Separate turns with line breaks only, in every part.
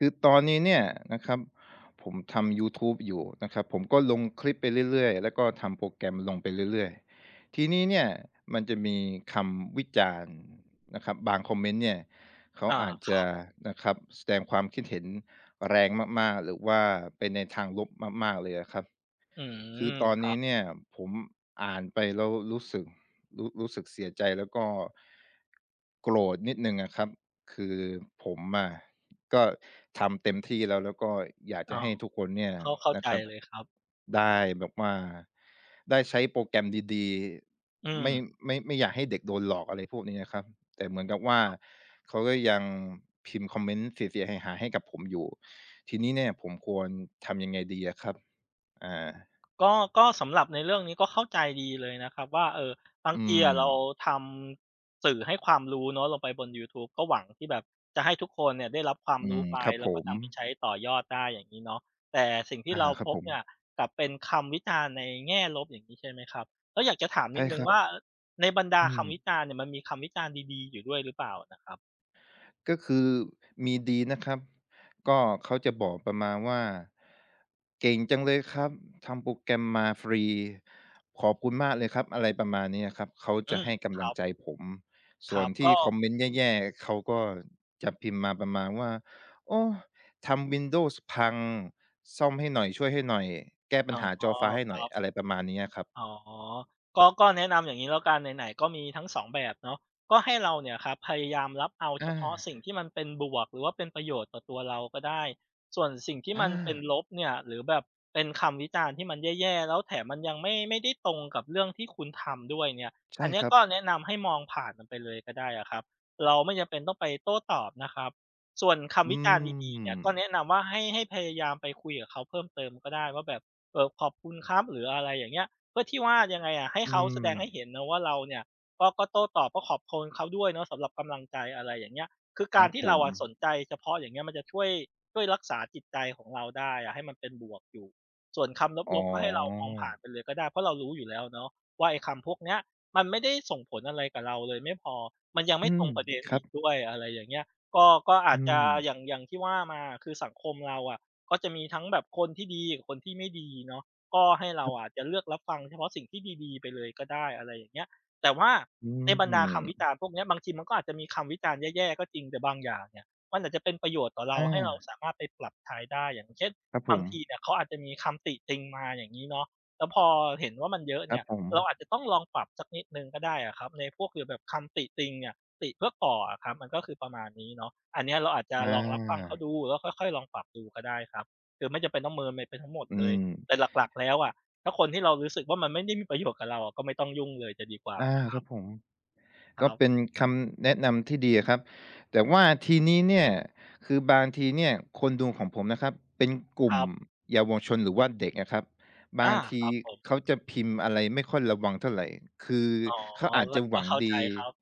คือตอนนี้เนี่ยนะครับ ผมทำยูทูบอยู่นะครับ ผมก็ลงคลิปไปเรื่อย ๆ แล้วก็ทำโปรแกรมลงไปเรื่อย ๆ ทีนี้เนี่ยมันจะมีคำวิจารณ์นะครับ บางคอมเมนต์เนี่ย เขา
อา
อาจ
ค
จ
รั
ะ
บ
นะครับ แสดงความคิดเห็นแรงมาก ๆ หรือว่าเป็นในทางลบมาก ๆ เลยอะครับ
อื
ค
ม
ือตอน
ค
น
รั
ี้
บ
เนี่ย ผมอ่านไปแล้วรู้สึก รู้ รู้สึกเสียใจ แล้วก็ โกรธนิดหนึ่งอะครับ คือผมอะก็ทำเต็มที่แล้ว แล้วก็อยากจ
อ๋
ะ
อ
ให้ทุกคนเนี่ย
เข้า เข้า
นะ
ใจ
ครับ
เลยครับ
ได้แบบว่า ได้ใช้โปรแกรมดี
อื
ๆ ไม่
ม
ไม่ ไม่อยากให้เด็กโดนหลอก อะไรพวกนี้อะครับ แต่เหมือนกับว่า เขาก็ยังพิมพ์คอมเมนต์เสีย ๆ หาย ๆ ให้กับผมอยู่ ทีนี้เนี่ยผมควรทำยังไงดีอะครับ? อ่า
ก็ ก็สำหรับในเรื่องนี้ก็เข้าใจดีเลยนะครับว่า เอ่อ บา
อ
ง
ื
ทีอะเรา
ม
ทำ สื่อให้ความรู้เนาะ ลงไปบนยูทูบ ก็หวังที่แบบจะให้ทุกคนเนี่ยได้รับความ
อื
รู้
ม
ไป
ครับ
แล้
ผ
วก็ท
ม
ำให้ไปใช้ต่อยอดได้ อย่างงี้เนาะ แต่สิ่งที
อ
่
า
เรา
ครั
พ
บ
บ
ผ
เนี
ม
่ยกลับเป็นคำวิจารณ์ในแง่ลบ อย่างงี้ ใช่ไหมครับ ก็อยากจะถาม
ใ
น
ช
ิ
่
ดหนึ
ค
่ง
รั
ว
บ
่า เออ ในบรรดา
อื
คำ
ม
วิจารณ์เนี่ย มันมีคำวิจารณ์ดี ๆ อยู่ด้วยหรือเปล่านะครับ?
ก็คือมีดีนะครับ ก็เขาจะบอกประมาณว่า "เก่งจังเลยครับ ทำโปรแกรมมาฟรี ขอบคุณมากเลยครับ" อะไรประมาณนี้อะครับ เขา
อ
จ
ื
ะใ
ม
ห้ก
ค
ำลั
รั
ง
บ
ใจผม ส
ค
่
ร
ว
ั
น
บ
ที
ก
่
็
คอมเมนต์แย่ ๆ เขาก็จะพิมพ์มาประมาณว่า "โอ้ ทำ Windows พังซ่อมให้หน่อย" "ช่วยให้หน่อย" "แก้ปั
อ๋
ญ
อ
หาจอฟ้าให้ห
ค
น่
ร
อ
ั
ย"
บ
อะไร ประมาณนี้อะครับ
อ๋อ ก็ ก็แนะนำอย่างนี้แล้วกัน ไหน ๆ ก็มีทั้ง 2 แบบเนาะ ก็ให้เราเนี่ยครับพยายามรับเอาเ
อ
ฉ
า
พาะสิ่งที่มันเป็นบวก หรือว่าเป็นประโยชน์ต่อตัวเราก็ได้ ส่วนสิ่งที่
อ
มันเป็น
า
ลบเนี่ยหรือแบบเป็นคำวิจารณ์ที่มันแย่ ๆ แล้วแถมมันยังไม่ ไม่ได้ตรงกับเรื่องที่คุณทำด้วยเนี่ย
ใช
อ
่
ันนี
ค
้
รั
ก
บ
็แนะนำให้มองผ่านมันไปเลยก็ได้อะครับ เราไม่จำเป็นต้องไปโต้ตอบนะครับ ส่วนค
อื
ำวิจารณ์ดี ๆ เนี่ยก็
ม
แนะนำว่าให้ ให้พยายามไปคุยกับเขาเพิ่มเติมก็ได้ว่าแบบ เออ ขอบคุณครับ หรืออะไรอย่างเงี้ย เพื่อที่ว่า ยังไงอะ ให้
อื
เขาแสดงให้เห
ม
็นนะว่าเราเนี่ย ก็ ก็โต้ตอบ ก็ขอบคุณเขาด้วยเนาะ สำหรับกำลังใจ อะไรอย่างเงี้ย คือ
ค
ก
ร
า
ั
ร
บ
ที่
ผ
เรา
ม
อะสนใจเฉพาะอย่างเงี้ย มันจะช่วย ช่วยรักษาจิตใจของเราได้อะ ให้มันเป็นบวกอยู่ ส่วนคำ
อ๋
ลบ ๆ ก็ให้เรามองผ่าน
อ
ไปเลยก็ได้ เพราะเรารู้อยู่แล้วเนาะ ว่าไอ้คำ พวกเนี้ย มันไม่ได้ส่งผลอะไรกับเราเลยไม่พอ มันยังไ
อ
ม
ื
่ตร
ม
งประเด็น
คร
อ
ั
ีก
บ
ด้วย อะไรอย่างเงี้ย ก็ ก็อ
อ
า
ื
จจะ
ม
อย่าง อย่างที่ว่ามาอะ คือสังคมเราอะ ก็จะมีทั้งแบบคนที่ดีกับคนที่ไม่ดีเนาะ ก็ให้เรา
ครับ
อาจจะเลือกรับฟังเฉพาะสิ่งที่ดี ๆ ไปเลยก็ได้ อะไรอย่างเงี้ย แต่ว่า
อื
ในบรรดาคำวิจ
ม
ารณ์พวกนี้ บางทีมันก็อาจจะมีคำวิจารณ์แย่ ๆ ก็จริง แต่บางอย่างเนี่ยมันอาจจะเป็นประโยชน์ต่อเ
อ
ราให้เรา
า
สามารถไปปรับใช้ได้ อย่างเช่น
ครับ
บ
ผ
างที
ม
เนี่ยเขาอาจจะมีคำติติงมา อย่างงี้เนาะ แล้วพอเห็นว่ามันเยอะ
ค
เน
รั
ี
บ
่ย
ผ
เรา
ม
อาจจะต้องลอง ปรับสักนิดหนึ่งก็ได้อะครับ ในพวกแบบคำติติงเนี่ย ติเพื่อก่ออะครับ มันก็คือประมาณนี้เนาะ อันเนี้ยเราอาจจะ
อ
ลอง รับฟังเขา
า
ดูแล้วค่อย ๆ ลองปรับดูก็ได้ครับ คือไม่จำเป็นต้องเมินไปทั้งหมด
อื
เลย
ม
แต่หลัก ๆ แล้วอะ ถ้าคนที่เรารู้สึกว่ามันไม่ได้มีประโยชน์กับเราอะก็ไม่ต้องยุ่งเลยจะดีกว่า
อา
นะคร
คร
ั
ั
บ
บผม
ค
ก็
รับ
เป็นคำแนะนำที่ดีอะครับ แต่ว่าทีนี้เนี่ย คือบางทีเนี่ยคนดูของผมนะครับเป็นกลุ
ค
่ม
รับ
เยาวชน หรือว่าเด็กอะครับ บ
อ
าง
า
ท
ค
ี
รับผม
เขาจะพิมพ์อะไรไม่ค่อยระวังเท่าไร คือ
อ๋อ
เขาอาจ
แล
จ
ะ
ะห
ก
ว
็
ัง
เข้า
ด
ใจ
ี
ครับ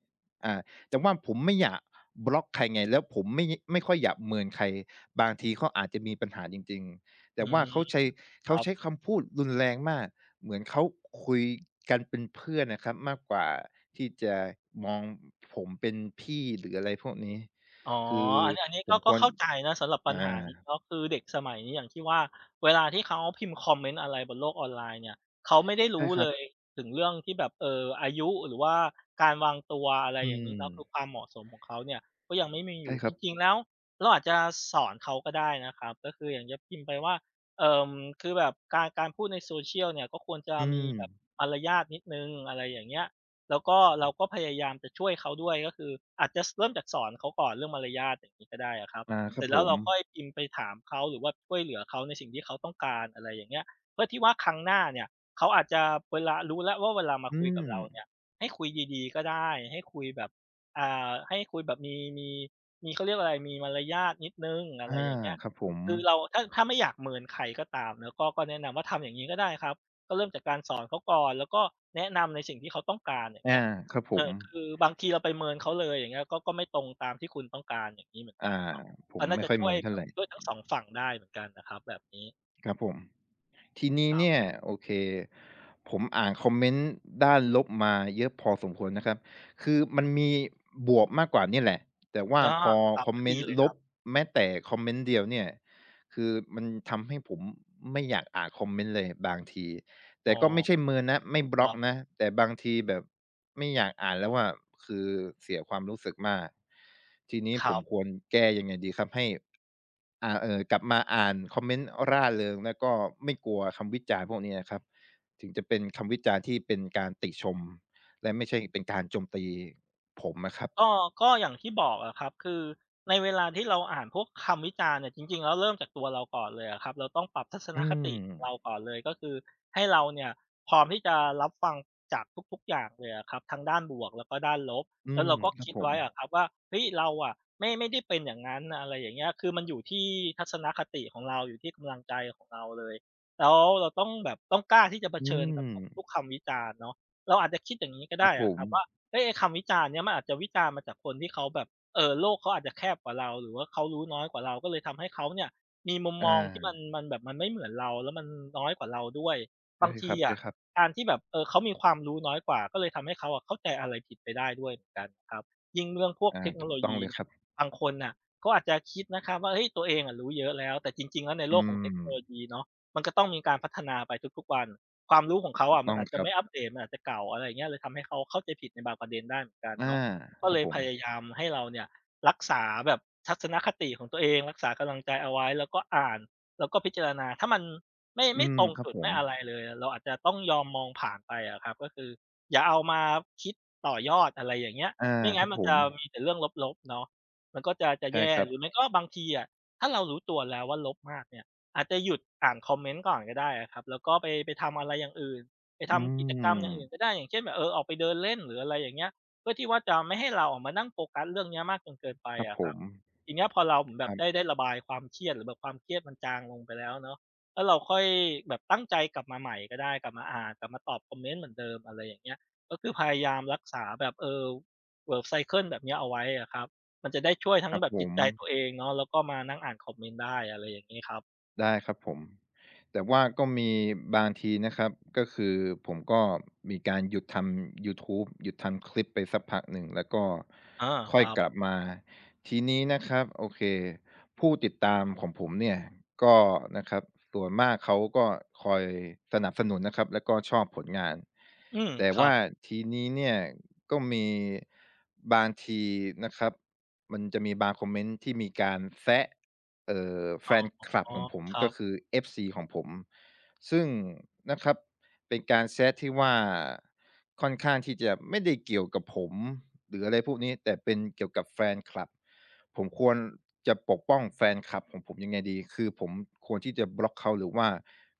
อา แต่ว่าผมไม่อยากบล็อกใครไง แล้วผมไม่ ไม่ค่อยอยากเมินใคร บางทีเขาอาจจะมีปัญหาจริง ๆ แ
อ
ต
ื
่ว่า
ม
เขาใช้ เ
ค
ขา
รั
ใช
บ
้คำพูดรุนแรงมาก เหมือนเขาคุยกันเป็นเพื่อนนะครับมากกว่าที่จะมองผมเป็นพี่ หรือ อะไรพวกนี้
อ๋อ
คือ
อันนี้ อันนี้
ผ
ก็
ม
ก
ค
็
วร
เข้าใจนะสำหรับปั
อ
ญหา
า
นี้เนาะ คือเด็กสมัยนี้อย่างที่ว่า เวลาที่เขาพิมพ์คอมเมนต์อะไรบนโลกออนไลน์เนี่ย เขาไม่ได้ร
ใช่
ู้
คร
เ
ั
ล
บ
ยถึงเรื่องที่แบบ เอ่อ อายุหรือว่าการวางตัว อะไร
อื
อย่างงี้เนาะ คื
ม
อความเหมาะสมของเขาเนี่ยก็ยังไม่มี
ใ
อ
ช
ยู
่
่
คร
จ
ับ
ริง ๆ แล้วเราอาจจะสอนเขาก็ได้นะครับ ก็คืออย่างจะพิมพ์ไปว่า เอ่อ คือแบบการ การพูดใน Social เนี่ยก็ควรจะ
อื
มีแบบ
ม
มารยาทนิดหนึ่ง อะไรอย่างเงี้ย แล้วก็เราก็พยายามจะช่วยเขาด้วย ก็คืออาจจะ ส เริ่มจากสอนเขาก่อนเรื่องมารยาทอย่างนี้ก็ได้อะครับ
อา ค
เ
รั
สร็
บ
จแล
ผ
้วเร
ม
าค่อยพิมพ์ไปถามเขา หรือว่าช่วยเหลือเขาในสิ่งที่เขาต้องการ อะไรอย่างเงี้ย เพื่อที่ว่าครั้งหน้าเนี่ย เขาอาจจะเวลา รู้แล้วว่าเวลามา
อื
คุยกับเราเนี่
ม
ย ให้คุยดี ๆ ก็ได้ ให้คุยแบบ อ่า ให้คุยแบบมี มี มี เขาเรียกว่าอะไร มีมารยาทนิดหนึ่ง อ
อ
ะไ
า
รอย่างเงี้ย
ครับผม
คือเราถ้า ถ้าไม่อยากเมินใครก็ตามเนาะ ก็ ก็แนะนำว่าทำอย่างนี้ก็ได้ครับ ก็เริ่มจากการสอน เขาก่อนแล้วก็แนะนำในสิ่งที่เขาต้องการ อย่าง
อ
เงี้
า
ย
ครับผ
เอ
ม
อ คือบางทีเราไปเมินเขาเลย อย่างเงี้ย ก็ ก็ไม่ตรงตามที่คุณต้องการอย่างนี้เหมือน
อา
กันเนาะ
ผ
ก็
ม
น่
ไม
า
่
จะ
ค่อย
ช
เ
่
ม
ว
ิ
ย
นเท่
แบ
า
บ
ไร
ด้วยทั้ง 2 ฝั่งได้เหมือนกันน่ะครับแบบนี้
ครับผม ทีนี้
คร
เ
ั
น
บ
ี่ย โอเค ผมอ่านคอมเมนต์ด้านลบมาเยอะพอสมควรนะครับ คือมันมีบวกมากกว่าเนี่ยแหละ แต่ว่า
อ้อ
พอ
ครับ
คอม
ก็
เม
ด
น
ี
ต์
เลย
ล
ครั
บ
บ
แม้แต่คอมเมนต์เดียวเนี่ย คือมันทำให้ผมไม่อยากอ่านคอมเมนต์เลยบางที แต
อ๋
่
อ
ก็ไม่ใช่เมินนะ ไม่บ
ค
ล็
ร
อ
ั
ก
บ
นะ แต่บางทีแบบไม่อยากอ่านแล้วอะ คือ เสียความรู้สึกมาก ทีนี้
ค
ผ
รั
ม
บ
ควรแก้ยังไงดีครับ? ให้ อา เออ กลับมาอ่านคอมเมนต์ร่าเริง แล้วก็ไม่กลัวคำวิจารณ์พวกเนี้ยอะครับ ถึงจะเป็นคำวิจารณ์ที่เป็นการติชม และไม่ใช่เป็นการโจมตีผมอะครับ
ก็ ก็อย่างที่บอกอะครับ คือในเวลาที่เราอ่านพวกคำวิจารณ์เนี่ย จริง ๆ แล้วเริ่มจากตัวเราก่อนเลยอะครับ เราต้องปรับทัศ
อ
น
ื
คติเรา
ม
ก่อนเลย ก็คือ ให้เราเนี่ยพร้อมที่จะรับฟังจากทุก ๆ อย่างเลยอะครับ ทั้งด้านบวก แล้วก็ด้านลบ
อื
แล้ว
ม
เราก็
คร
ค
ับ
ิด
ผ
ไว
ม
้อะครับว่า เฮ้ย เราอะ ไม่ ไม่ได้เป็นอย่างนั้น อะไรอย่างเงี้ย คือมันอยู่ที่ทัศนคติของเรา อยู่ที่กำลังใจ ของเราเลย แล้วเราต้องแบบ ต้องกล้าที่จะเผ
อื
ชิญกับ
ม
ทุกคำวิจารณ์เนาะ เราอาจจะคิดอย่างนี้ก็
ค
ไ
รั
ด้
บผ
อะค
ม
รับว่า เฮ้ย ไอ้คำวิจารณ์เนี่ย มันอาจจะวิจารณ์มาจากคนที่เขาแบบ เอ่อ โลกเขาอาจจะแคบกว่าเรา หรือว่าเขารู้น้อยกว่าเรา ก็เลยทำให้เขาเนี่ยมีมุม
อ
มองที่
า
มันแบบ มันไม่เหมือนเรา แล้วมันน้อยกว่าเราด้วย
ใช
บ
่
างท
ค
ี
ร
อะ
ับ ๆ
การที่แบบ เออ เขามีความรู้น้อยกว่า ก็เลยทำให้เขาเข้าใจอะไรผิดไปได้ด้วยเหมือนกันครับ ยิ่งเรื่องพวก
อา
เทคโน
ถู
โ
ก
ล
ต้
ย
อง
ี
เลย
เนี่
ค
ย
รับ
บางคนน่ะก็อาจจะคิดนะครับว่า เฮ้ย ตัวเองอะรู้เยอะแล้ว แต่จริง ๆ แล้วใน
อ
โ
ื
ลกของเทคโนโล
ม
ยีเนาะ มันก็ต้องมีการพัฒนาไปทุก ๆ วัน ความรู้ของเขา
ถู
อ
ก
ะ
ต
มั
้อ
น
ง
อาจ
ค
จะ
รั
ไ
บ
ม่อัปเดต มันอาจจะเก่า อะไรอย่างนี้ เลยทำให้เขาเข้าใจผิดในบางประเด็นได้เหมือนกัน
อา
เนาะ ก็
คร
เ
ั
ล
บ
ย
ผ
พ
ม
ยายามให้เราเนี่ย รักษาแบบ ทัศนคติของตัวเอง รักษากำลังใจเอาไว้ แล้วก็อ่าน แล้วก็พิจารณา ถ้ามัน ไม่
อ
ไม
ื
่
ม
ตรง
ครั
จ
บ
ุด
ผ
ไม
ม
่อะไรเลย เราอาจจะต้องยอมมองผ่านไปอะครับ ก็คืออย่าเอามาคิดต่อยอด อะไรอย่างเงี้ย
อา
ไม่งั
ค
้
รั
น
บ
มัน
ผ
จะ
ม
มีแต่เรื่องลบ ๆ เนาะ มันก็จะ จะ
ใช
แ
่
ย่
ครั
หรื
บ
อไม่ก็บางทีอะ ถ้าเรารู้ตัวแล้วว่าลบมากเนี่ย อาจจะหยุดอ่านคอมเมนต์ก่อนก็ได้อะครับ แล้วก็ไป ไปทำอะไรอย่างอื่น ไป
อื
ทำกิจกรรมอย่างอื
ม
่นก็ได้ อย่างเช่นแบบ เออ ออกไปเดินเล่นหรือ อะไรอย่างเงี้ย เพื่อที่ว่าจะไม่ให้เราอะมานั่งโฟกัสเรื่องเนี้ยมากจนเกินไป
ครับ
อะ
ผ
ครับ
ม
ทีเนี้ย พอเราแบ
คร
บ
ั
ได
บ
้ ได้ระบายความเครียด หรือแบบความเครียดมันจางลงไปแล้วเนาะ แล้วเราค่อยแบบตั้งใจกลับมาใหม่ก็ได้ กลับมาอ่าน กลับมาตอบคอมเมนต์เหมือนเดิม อะไรอย่างเงี้ย ก็คือพยายามรักษาแบบ เออ แบบ ไซเกิล แบบเนี้ยเอาไว้อะครับ มันจะได้ช่วยทั้
คร
ง
ับ
แบบ
ผ
จิต
ม
ใจตัวเองเนาะ แล้วก็มานั่งอ่านคอมเมนต์ได้ อะไรอย่างงี้ครับ
ได้ครับผม แต่ว่าก็มีบางทีนะครับ ก็คือผมก็มีการหยุดทำยูทูบ หยุดทำคลิปไปสักพักหนึ่ง แล้วก็
อา
ค
ค
่อย
รับ
กลับมา ทีนี้นะครับ โอเค ผู้ติดตามของผมเนี่ยก็ นะครับ ส่วนมากเขาก็คอยสนับสนุนนะครับ แล้วก็ชอบผลงาน
อืม
แต่
คร
ว
ั
่า
บ
ทีนี้เนี่ย ก็มีบางทีนะครับ มันจะมีบางคอมเมนต์ที่มีการแซะ เอ่อ แ
อ
ฟ
๋อ
นคลับของผม
ครั
ก็
บ
คือ FC ของผม ซึ่ง นะครับ เป็นการแซะที่ว่า ค่อนข้างที่จะไม่ได้เกี่ยวกับผม หรืออะไรพวกนี้ แต่เป็นเกี่ยวกับแฟนคลับ ผมควรจะปกป้องแฟนคลับของผมยังไงดี? คือผมควรที่จะบล็อกเขา หรือว่า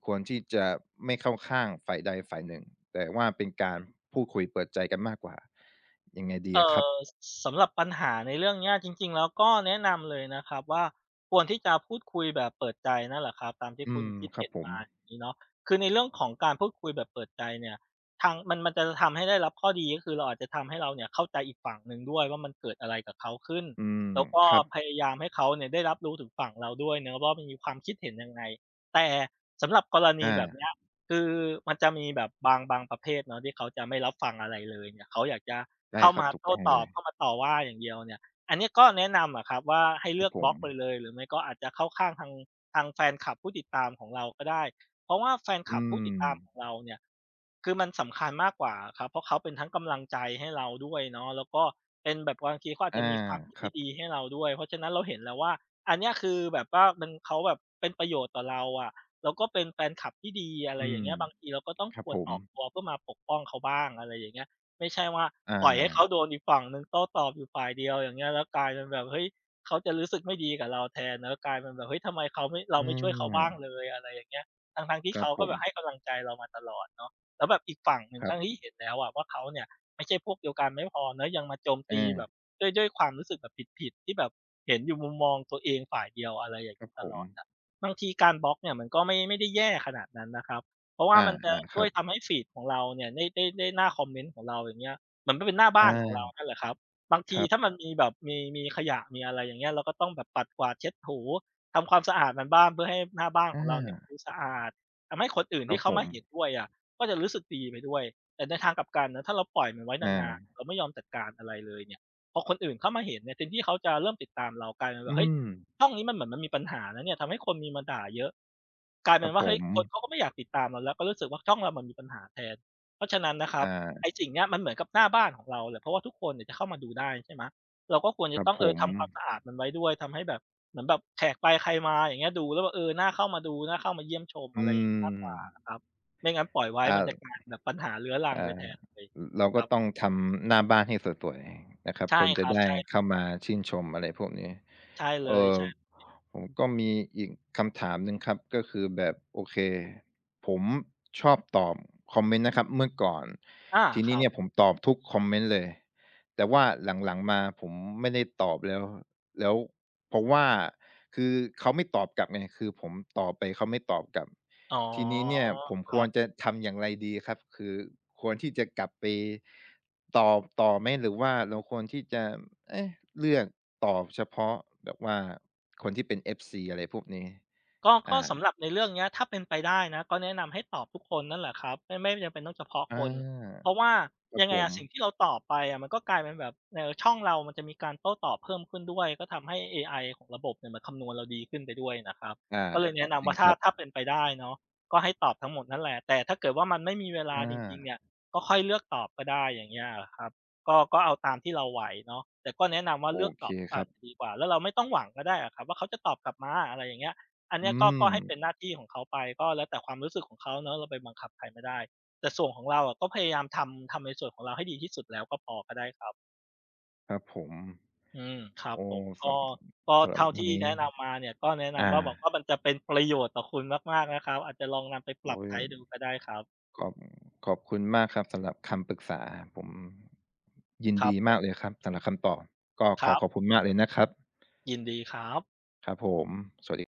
ควรที่จะไม่เข้าข้างฝ่ายใดฝ่ายหนึ่ง แต่ว่าเป็นการพูดคุยเปิดใจกันมากกว่า ยังไงดี
เอ
อ
่
ะครับ?
อ ส สำหรับปัญหาในเรื่องนี้อะ จริง ๆ แล้วก็แนะนำเลยนะครับว่า ควรที่จะพูดคุยแบบเปิดใจนั่นแหละครับ ตามที่
อื
คุณ
ม
คิด
คร
เห
ั
็
บ
น
ผ
ม
ม
า อย่างนี้เนาะ คือในเรื่องของการพูดคุยแบบเปิดใจเนี่ย ทาง มัน มันจะ ล ทำให้ได้รับข้อดี ก็คือเรา อาจจะทำให้เราเนี่ยเข้าใจอีกฝั่งหนึ่งด้วยว่า มันเกิดอะไรกับเขาขึ้น?
อืม
แล้วก็
ครับ
พยายามให้เขาเนี่ย ได้รับรู้ถึงฝั่งเราด้วยเนาะว่า มันมีความคิดเห็นยังไง? แต่สำหรับกรณ
อ
ี
า
แบบนี้อะ คือมันจะมีแบบบาง บางประเภทเนาะที่เขาจะไม่รับฟังอะไรเลยเนี่ย เขาอยากจะ
ได
เ
้
ข้า
คร
ม
ับ
า
ถู
โ
ก
ต
ต
้
้อง
ต
เล
อบ เ
ย
ข้ามาต่อว่าอย่างเดียวเนี่ย อันเนี้ยก็แนะนำอะครับว่า ให้เ
ค
ล
ร
ื
ับ
อก
ผ
บล็อกไป
ม
เลย หรือไม่ก็อาจจะเข้าข้างทาง ทางแฟนคลับผู้ติดตามของเราก็ได้ เพราะว่าแฟนค
อื
ลับผู้ติดตามของ
ม
เราเนี่ย คือมันสำคัญมากกว่าอะครับ เพราะเขาเป็นทั้งกำลังใจให้เราด้วยเนาะ แล้วก็เป็นแบบบางทีเขาอาจ
อา
จะมีความ คิด
ค
ท
ร
ี
ั
่
บ
ดีให้เราด้วย เพราะฉะนั้นเราเห็นแล้วว่า อันเนี้ยคือแบบว่ามัน เขาแบบเป็นประโยชน์ต่อเราอะ แล้วก็เป็นแฟนคลับที่ดี อะไ
อ
ร
ื
อย่า
ม
งเงี้ย บางทีเราก็ต้อง
ครั
ค
บ
ว
ผ
รอ
ม
อกตัวเพื่อมาปกป้องเขาบ้าง อะไรอย่างเงี้ย ไม่ใช่ว่า
อา
ปล่อยให้เขาโดนอีกฝั่งหนึ่งโต้ตอบอยู่ฝ่ายเดียว อย่างเงี้ย แล้วกลายเป็นแบบ เฮ้ย เขาจะรู้สึกไม่ดีกับเราแทนเนาะ กลายเป็นแบบ เฮ้ย ทำไมเขาไม่ เรา
อ
ไม่ช่วยเขาบ้าง
า
เลย อะไรอย่างเงี้ย ทั้ง ๆ ที่
คร
เข
ับ
า
ผ
ก็แบบใ
ม
ห้กำลังใจเรามาตลอดเนาะ แล้วแบบอีกฝั่งหนึ่ง
คร
ท
ั
ั้งที
บ
่เห็นแล้วอะว่า เขาเนี่ยไม่ใช่พวกเดียวกันไม่พอเนาะ ยังมาโจมต
อ
ีแบ
า
บ ด้วย ด้วยความรู้สึกแบบผิด ๆ ที่แบบเห็นอยู่มุมมองตัวเองฝ่ายเดียว อะไรอย่าง
ค
น
ร
ี
ับ
้ ต
ผ
ลอด
ม
อะ บางทีการบล็อกเนี่ยมันก็ไม่ ไม่ได้แย่ขนาดนั้นนะครับ เพราะว
อ
่า
า
มันจะ
ๆ
ช
ค
่
ร
ว
ั
ยท
บ
ำให้ฟีดของเราเนี่ย ได้ ได้ ได้หน้าคอมเมนต์ของเรา อย่างเงี้ย มันก็เป็นหน้าบ
อ
้
า
านของเรานั่นแหละครับ บาง
ค
ที
รับ
ถ้ามันมีแบบ มี มีขยะ มีอะไรอย่างเงี้ย เราก็ต้องแบบปัดกวาดเช็ดถู ทำความสะอาดมันบ้าง เพื่อให้หน้าบ้าน
อ
ของเราเนี่ยด
า
ูสะอาด ทำให้คนอื่น
ค
ท
ร
ี
ับ
่เข
ผ
าม
ม
าเห็นด้วยอะ ก็จะรู้สึกดีไปด้วย แต่ในทางกลับกันนะ ถ้าเราปล่อยมันไว้
อ
นาน
า
ๆ เราไม่ยอมจัดการอะไรเลยเนี่ย พอคนอื่นเข้ามาเห็นเนี่ย เต็มที่เขาจะเริ่มติดตามเรา กลายเป็นว
อื
่า เฮ้ย
ม
ช่องนี้มันเหมือนมันมีปัญหานะเนี่ย ทำให้คนมีมาด่าเยอะ กลายเ
ค
ป
ร
็
ั
น
บ
ว่
ผ
า เฮ้ย
ม
คนเขาก็ไม่อยากติดตามเราแล้ว ก็รู้สึกว่า ช่องเรามันมีปัญหาแทน เพราะฉะนั้นนะครั
อ
บ
า
ไอ้สิ่งเนี้ยมันเหมือนกับหน้าบ้านของเราแหละ เพราะว่าทุกคนเนี่ยจะเข้ามาดูได้ ใช่ไหม เราก็ควรจะ
ครั
ต
บ
้อง
ผ
เออ
ม
ทำความสะอาดมันไว้ด้วย ทำให้แบบ เหมือนแบบแขกไปใครมา อย่างเงี้ย ดูแล้วว่า เออ หน้าเข้ามาดู หน้าเข้ามาเยี่ยมชม
อื
อะไรอย่างนี้ มาก
ม
กว่าอะครับ ไม่งั้นปล่อยไว้
อา
มันจะกลายเป็นแบบปัญหาเรื้อรัง
อา
ไป
อ
แทนเลย
เรา
ค
ก็
รับ
ต้องทำหน้าบ้านให้สวย ๆ นะครับ
ใช่
คนจ
ค
ะ
รั
ไ
บ
ด้
ใช
เ
่
ข้ามาชื่นชม อะไรพวกนี้
ใช่เล
เอ่
ย
อ
ใช่
ผมก็มีอีกคำถามหนึ่งครับ ก็คือแบบ โอเค ผมชอบตอบคอมเมนต์นะครับเมื่อก่อน
อา
ทีน
ค
ี้
รั
เน
บ
ี่ยผมตอบทุกคอมเมนต์เลย แต่ว่าหลัง ๆ มาผมไม่ได้ตอบแล้ว แล้ว เพราะว่า คือเขาไม่ตอบกลับไง คือผมตอบไปเขาไม่ตอบกลับ
อ๋อ
ทีนี้เนี่ยผม
ค
ค
รั
วร
บ
จะทำอย่างไรดีครับ? คือควรที่จะกลับไปตอบต่อไหม หรือว่าเราควรที่จะ เอ๊ะ เลือกตอบเฉพาะแบบว่าคนที่เป็น FC อะไรพวกนี้?
ก็
อ
ก็
า
สำหรับในเรื่องนี้ ถ้าเป็นไปได้นะ ก็แนะนำให้ตอบทุกคนนั่นแหละครับ ไม่ ไม่จำเป็นต้องเฉพาะ
อา
คน เพราะว่า
ครั
ย
บ
ังไ
ผ
งอะ สิ่
ม
งที่เราตอบไปอะ มันก็กลายเป็นแบบ เออ ช่องเรามันจะมีการโต้ตอบเพิ่มขึ้นด้วย ก็ทำให้ AI ของระบบเนี่ยมันคำนวณเราดีขึ้นไปด้วยนะครับ
ใช่
ก็เลย แนะน
จ
ำ
ร
ว
ิ
่
ง
าถ
ค
้า
รับ
ถ้าเป็นไปได้เนาะ ก็ให้ตอบทั้งหมดนั่นแหละ แต่ถ้าเกิดว่ามันไม่มีเวลา
อ
จริง ๆ เน
า
ี่ย ก็ค่อยเลือกตอบก็ได้ อย่างเงี้ยครับ ก็ ก็เอาตามที่เราไหวเนาะ แต่ก็แนะนำว่า
โอ
เลือก
เค
ตอบไป
ครับ
ดีกว่า แล้วเราไม่ต้องหวังก็ได้อะครับว่าเขาจะตอบกลับมา อะไรอย่างเงี้ย อัน
อ
น
ื
ี้ก็ ก็ให้เป
ม
็นหน้าที่ของเขาไป ก็แล้วแต่ความรู้สึกของเขาเนาะ เราไปบังคับใครไม่ได้ แต่ส่วนของเราอะก็พยายามทำ ทำในส่วนของเราให้ดีที่สุดแล้วก็พอ ก็ได้ครับ
ครับผม
อืม ครั
โ
บ
อ้
ผม ก
ส
็ ก็
ำ สำห
เ
ร
ท
ับ
่า
ว
ท
ั
ี
น
่
นี
แน
้
ะนำมาเนี่ย ก็แนะน
อา
ำว่า บอกว่ามันจะเป็นประโยชน์ต่อคุณมาก ๆ นะครับ อาจจะลองนำไปป
โ
ร
อ
ับ
๊
ใช
ย
้ดูก็ได้ครับ
ขอบ ขอบคุณมากครับสำหรับคำปรึกษา ผม ยิน
คร
ด
ับ
ี
ผ
มา
ม
กเลยครับ สำหรับคำตอบ ก็
ค
ข
ร
อ
ับ
ขอบคุณมากเลยนะครับ
ยินดีครับ
ครับผม สวัสดี